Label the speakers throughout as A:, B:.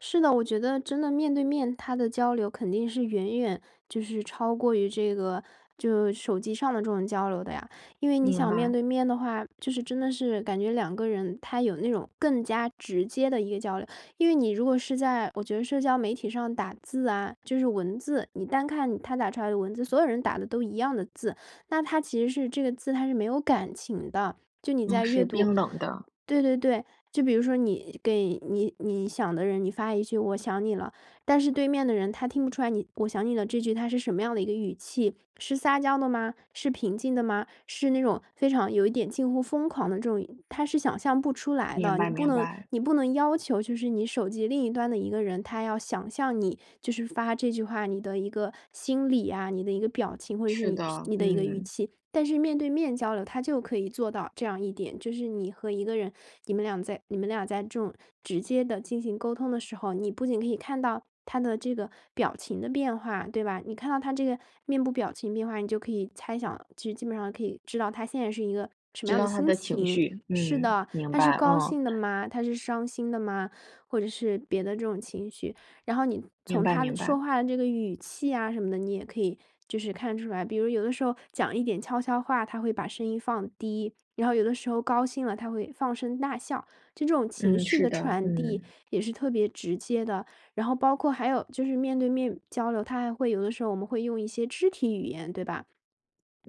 A: 是的，我觉得真的面对面，它的交流肯定是远远就是超过于这个，就手机上的这种交流的呀。因为你
B: 明
A: 想面
B: 白。
A: 对面的话，就是真的是感觉两个人他有那种更加直接的一个交流。因为你如果是在，我觉得社交媒体上打字啊，就是文字，你单看他打出来的文字所有人打的都一样的字，那它其实是这个字它是没有感情的。就你
B: 啊，
A: 在
B: 是
A: 阅读
B: 冰冷的。
A: 对对对，就比如说你给你你想的人你发一句“我想你了”。但是对面的人他听不出来你“我想你了”这句它是什么样的一个语气。是撒娇的吗？是平静的吗？是那种非常有一点近乎疯狂的这种他是想象不出来
B: 明
A: 的。
B: 白，
A: 你不
B: 明
A: 能
B: 白。
A: 你不能要求就是你手机另一端的一个人，他要想象你，就是发这句话你的一个心理呀、你的一个表情，或者是
B: 是
A: 你
B: 的，
A: 你的一个语
B: 嗯。
A: 气。但是面对面交流，它就可以做到这样一点，就是你和一个人，你们俩在你们俩在这种直接地进行沟通的时候，你不仅可以看到他的这个表情的变化，对吧？你看到他这个面部表情变化，你就可以猜想，就基本上可以知道他现在是一个什么
B: 知
A: 样的
B: 道他
A: 心
B: 的情
A: 情。
B: 绪，
A: 是
B: 嗯。
A: 的，
B: 明
A: 他是
B: 白，
A: 高
B: 嗯。
A: 兴的吗？他是伤心的吗？或者是别的这种情绪。然后你
B: 明
A: 从
B: 白，
A: 他的
B: 明白。
A: 说话的这个语气呀什么的，你也可以就是看出来。比如有的时候讲一点悄悄话，他会把声音放低。然后有的时候高兴了，他会放声大笑。这种情
B: 嗯，
A: 绪
B: 是
A: 的
B: 的，
A: 传递
B: 嗯。
A: 也是特别直接的，然后包括还有就是面对面交流，他还会有的时候我们会用一些肢体语言，对吧？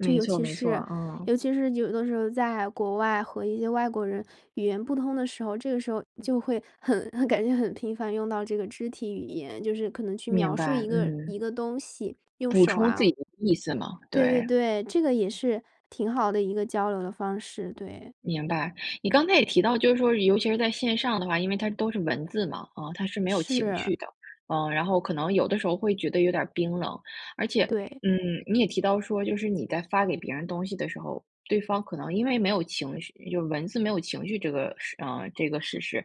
A: 就尤
B: 错，
A: 其
B: 没错，
A: 是
B: 嗯。
A: 尤其是有的时候在国外和一些外国人语言不通的时候，这个时候就会很很，感觉很频繁用到这个肢体语言，就是可能去
B: 明
A: 描述
B: 白，
A: 一个一
B: 嗯。
A: 个东西，用
B: 补
A: 手
B: 充自
A: 啊
B: 己的意思嘛，
A: 对对
B: 对。
A: 对，这个也是挺好的一个交流的方式，对。
B: 明白，你刚才也提到，就是说尤其是在线上的话，因为它都是文字嘛，啊，它是没有情
A: 是。
B: 绪的。呃，然后可能有的时候会觉得有点儿冰冷。而且，
A: 对。
B: 嗯，你也提到说，就是你在发给别人东西的时候，对方可能因为没有情绪，就是文字没有情绪这个事嗯，这个事实，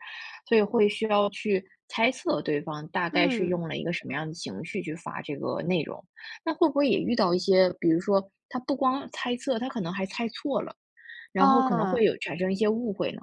B: 所以会需要去猜测对方，大概是
A: 嗯。
B: 用了一个什么样的情绪去发这个内容。那会不会也遇到一些，比如说他不光猜测，他可能还猜错了，然后可能会
A: 啊。
B: 有产生一些误会呢？